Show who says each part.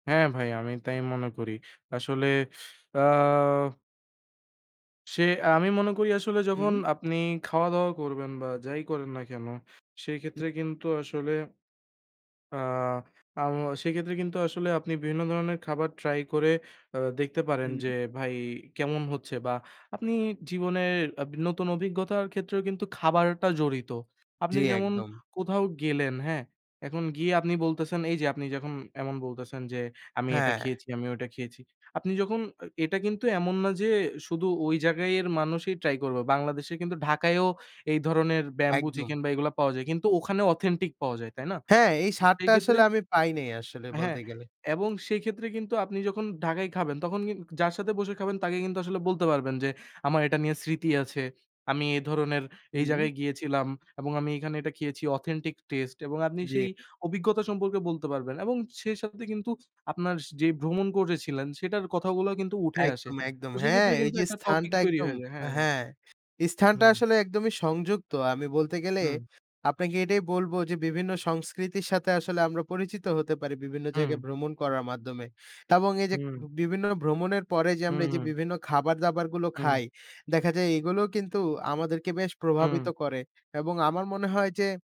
Speaker 1: হ্যাঁ ভাই, আমি তাই মনে করি। আসলে আ সে আমি মনে করি আসলে যখন
Speaker 2: হু।
Speaker 1: আপনি খাওয়া-দাওয়া করবেন, বা যাই করেন না কেন।
Speaker 2: হুম।
Speaker 1: সেক্ষেত্রে কিন্তু আসলে আ আ ম সেক্ষেত্রে কিন্তু আসলে আপনি বিভিন্ন ধরনের খাবার ট্রাই করে আ দেখতে পারেন। যে
Speaker 2: হুম।
Speaker 1: ভাই কেমন হচ্ছে বা আপনি জীবনের আব নতুন অভিজ্ঞতার ক্ষেত্রেও কিন্তু খাবারটা জড়িত। আপনি
Speaker 2: জ্বী,
Speaker 1: যেমন
Speaker 2: একদম।
Speaker 1: কোথাও গেলেন, হ্যাঁ? এখন গিয়ে আপনি বলতেছেন, এই যে আপনি যখন এমন বলতেছেন যে আমি এটা
Speaker 2: হ্যাঁ।
Speaker 1: খেয়েছি, আমি ওটা খেয়েছি। আপনি যখন এ এটা কিন্তু এমন না যে শুধু ওই জায়গায় এর মানুষই ট্রাই করবে। বাংলাদেশে কিন্তু ঢাকায়ও এই ধরনের ব্যাম্বু
Speaker 2: একদম।
Speaker 1: চিকেন বা এগুলা পাওয়া যায়। কিন্তু ওখানে অথেন্টিক পাওয়া যায়। তাই না?
Speaker 2: হ্যাঁ, এই
Speaker 1: তো সেই
Speaker 2: সাদটা
Speaker 1: ক্ষেত্রে
Speaker 2: আসলে আমি পাই নাই আসলে
Speaker 1: হ্যাঁ,
Speaker 2: বলতে গেলে।
Speaker 1: এবং সেক্ষেত্রে কিন্তু আপনি যখন ঢাকায় খাবেন। তখন কিন যার সাথে বসে খাবেন তাকে কিন্তু আসলে বলতে পারবেন, যে আমার এটা নিয়ে স্মৃতি আছে। আমি এ ধরনের এই
Speaker 2: হুম।
Speaker 1: জায়গায় গিয়েছিলাম, এবং আমি এখানে এটা খেয়েছি অথেন্টিক টেস্ট এবং আপনি
Speaker 2: জি।
Speaker 1: সেই অভিজ্ঞতা সম্পর্কে বলতে পারবেন। এবং সেই সাথে কিন্তু আপনার যে ভ্রমণ করেছিলেন সেটার কথাগুলো কিন্তু উঠে আসে।
Speaker 2: একদম, একদম
Speaker 1: তো
Speaker 2: হ্যাঁ।
Speaker 1: সেক্ষেত্রে
Speaker 2: এই
Speaker 1: কিন্তু
Speaker 2: যে
Speaker 1: একটা টপিক
Speaker 2: স্থানটা
Speaker 1: তৈরি
Speaker 2: একদম
Speaker 1: হয়ে যায়। হ্যাঁ, হ্যাঁ।
Speaker 2: হ্যাঁ স্থানটা
Speaker 1: হুম।
Speaker 2: আসলে একদমই সংযুক্ত। আমি বলতে গেলে
Speaker 1: হুম।
Speaker 2: আপনাকে এটাই বলব যে, বিভিন্ন সংস্কৃতির সাথে আসলে আমরা পরিচিত হতে পারি বিভিন্ন জায়গায়
Speaker 1: হুম।
Speaker 2: ভ্রমণ করার মাধ্যমে। এবং এই যে
Speaker 1: হুম।
Speaker 2: বিভিন্ন ভ্রমণের পরে যে
Speaker 1: হুম,
Speaker 2: আমরা এই যে,
Speaker 1: হু।
Speaker 2: বিভিন্ন খাবার-দাবারগুলো
Speaker 1: হুম।
Speaker 2: খাই, দেখা যায় এগুলোও কিন্তু আমাদেরকে বেশ
Speaker 1: হুম।
Speaker 2: প্রভাবিত করে এবং আমার মনে হয় যে